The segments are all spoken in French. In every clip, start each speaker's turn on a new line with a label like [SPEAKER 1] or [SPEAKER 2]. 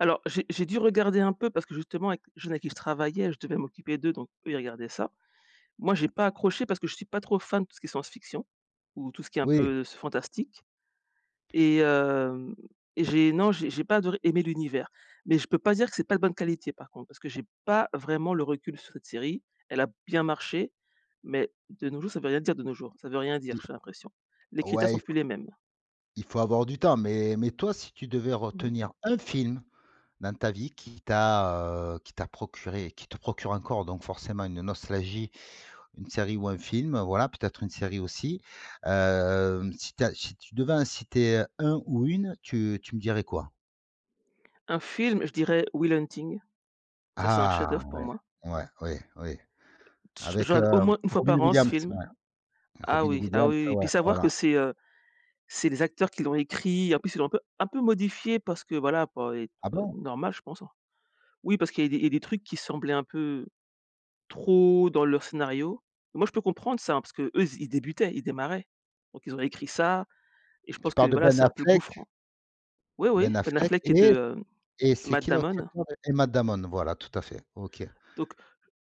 [SPEAKER 1] Alors j'ai j'ai dû regarder un peu parce que, justement, avec les jeunes à qui je travaillais, je devais m'occuper d'eux, donc eux, ils regardaient ça, moi, j'ai pas accroché parce que je suis pas trop fan de tout ce qui est science-fiction ou tout ce qui est un
[SPEAKER 2] Oui.
[SPEAKER 1] peu s fantastique et hem, et j'ai non, j'ai j'ai pas adoré aimer l'univers mais je peux pas dire que c'est pas de bonne qualité, par contre, parce que j'ai pas vraiment le recul sur cette série. Elle a bien marché mais de nos jours, ça veut rien dire de nos jours, ça veut rien dire,
[SPEAKER 2] I
[SPEAKER 1] j'ai l'impression, les critères
[SPEAKER 2] ouais,
[SPEAKER 1] sont
[SPEAKER 2] il f
[SPEAKER 1] plus les mêmes.
[SPEAKER 2] il faut avoir du temps mais mais toi, si tu devais
[SPEAKER 1] Mmh mh.
[SPEAKER 2] retenir 1 film, dans ta vie qui t'as, heu, qui t'as procuré et qui te procure encore, donc forcément une nostalgie, une série ou un film, voilà, peut-être une série aussi, hem, si tu as si tu devais en citer un ou une, tu tu me dirais, quoi?
[SPEAKER 1] Un film, je dirais Will Hunting. Ça, c'est un
[SPEAKER 2] Ah!
[SPEAKER 1] chef-d'œuvre, pour
[SPEAKER 2] Ouais,
[SPEAKER 1] moi.
[SPEAKER 2] ouais, ouais, ouais,
[SPEAKER 1] Je je
[SPEAKER 2] avec, heu,
[SPEAKER 1] regarde au moins 1 fois
[SPEAKER 2] Robin
[SPEAKER 1] par an, ce
[SPEAKER 2] Williams,
[SPEAKER 1] film.
[SPEAKER 2] ouais
[SPEAKER 1] Ah
[SPEAKER 2] Robin
[SPEAKER 1] oui, ah
[SPEAKER 2] Williams,
[SPEAKER 1] oui, oui, et puis
[SPEAKER 2] ouais,
[SPEAKER 1] savoir que
[SPEAKER 2] voilà.
[SPEAKER 1] c'est, heu, c'est les acteurs qui l'ont écrit, en plus, ils l'ont un peu un peu modifié parce que voilà, pour i
[SPEAKER 2] Ah
[SPEAKER 1] heu,
[SPEAKER 2] bon?
[SPEAKER 1] normal, je pense, hein. Oui, parce qu'il y a des il y a des trucs qui semblaient un peu trop dans leur scénario, et moi, je peux comprendre ça parce qu'eux ils s ils débutaient, ils démarraient, donc ils ont écrit ça, et je
[SPEAKER 2] Tu
[SPEAKER 1] pense que,
[SPEAKER 2] parles de
[SPEAKER 1] voilà,
[SPEAKER 2] Ben
[SPEAKER 1] c'est un peu le
[SPEAKER 2] Affleck?
[SPEAKER 1] gouffre oui, oui,
[SPEAKER 2] Ben
[SPEAKER 1] Ben
[SPEAKER 2] Affleck
[SPEAKER 1] Affleck et de,
[SPEAKER 2] et
[SPEAKER 1] heu,
[SPEAKER 2] et c'est
[SPEAKER 1] Matt
[SPEAKER 2] qui l'autre
[SPEAKER 1] Damon
[SPEAKER 2] acteur, et Matt Damon, voilà, tout à fait, OK.
[SPEAKER 1] donc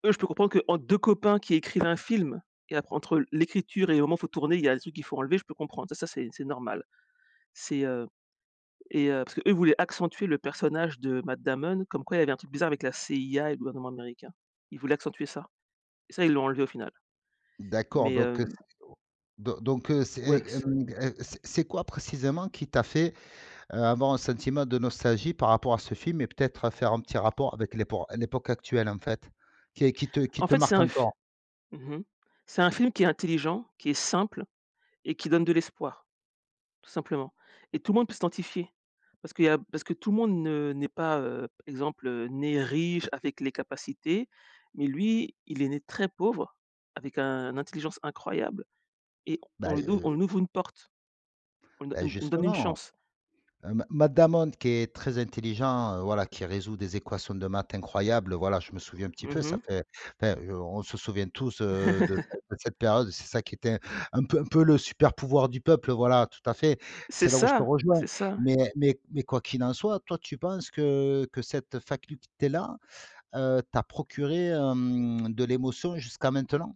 [SPEAKER 1] eux, je peux comprendre qu'en 2 copains qui écrivent un film et après entre l'écriture et au moment où faut tourner il y a des trucs qu'il faut enlever, je peux comprendre ça, c'est c'est normal, c'est, heu, et heu, parce que, eux, voulaient accentuer le personnage de Matt Damon comme quoi il y avait un truc bizarre avec la CIA et le gouvernement américain. Ils voulaient accentuer ça et ça, ils l'ont enlevé au final
[SPEAKER 2] D'accord,
[SPEAKER 1] mais
[SPEAKER 2] donc
[SPEAKER 1] heu
[SPEAKER 2] heu, c'est [unintelligible] donc heu, c'est,
[SPEAKER 1] ouais,
[SPEAKER 2] et
[SPEAKER 1] c'est
[SPEAKER 2] hem, et c'est c'est quoi, précisément, qui t'a fait, heu, avoir un sentiment de nostalgie par rapport à ce film et peut-être faire un petit rapport avec l'épor l'époque actuelle, en fait, qui est qui te qui
[SPEAKER 1] En
[SPEAKER 2] te
[SPEAKER 1] fait, c'est
[SPEAKER 2] marque
[SPEAKER 1] un f
[SPEAKER 2] encore?
[SPEAKER 1] mmh mh, c'est un film qui est intelligent, qui est simple et qui donne de l'espoir, tout simplement et tout le monde peut s'identifier parce qu'il y a parce que tout le monde ne n'est pas, heu, exemple, né riche avec les capacités mais lui, il est né très pauvre avec un intelligence incroyable et
[SPEAKER 2] Bah,
[SPEAKER 1] on lui ouv on
[SPEAKER 2] heu
[SPEAKER 1] lui ouvre une porte, on
[SPEAKER 2] bah,
[SPEAKER 1] on on donne une
[SPEAKER 2] justement,
[SPEAKER 1] chance.
[SPEAKER 2] heu, Ma Matt Damon, qui est très intelligent, heu, voilà, qui résout des équations de maths incroyables, voilà, je me souviens un petit peu.
[SPEAKER 1] Mmh
[SPEAKER 2] Ça
[SPEAKER 1] mh.
[SPEAKER 2] fait enfin, on se souvient tous, heu, de de cette période. C'est ça qui était un peu un peu le super pouvoir du peuple, voilà, tout à fait.
[SPEAKER 1] C'est
[SPEAKER 2] C'est là où je te
[SPEAKER 1] ça
[SPEAKER 2] rejoins,
[SPEAKER 1] c'est ça, ouais.
[SPEAKER 2] mais mais mais quoi qu'il en soit, toi, tu penses que, heu, cette faculté-là, heu, t'a procuré, hem, de l'émotion jusqu'à maintenant?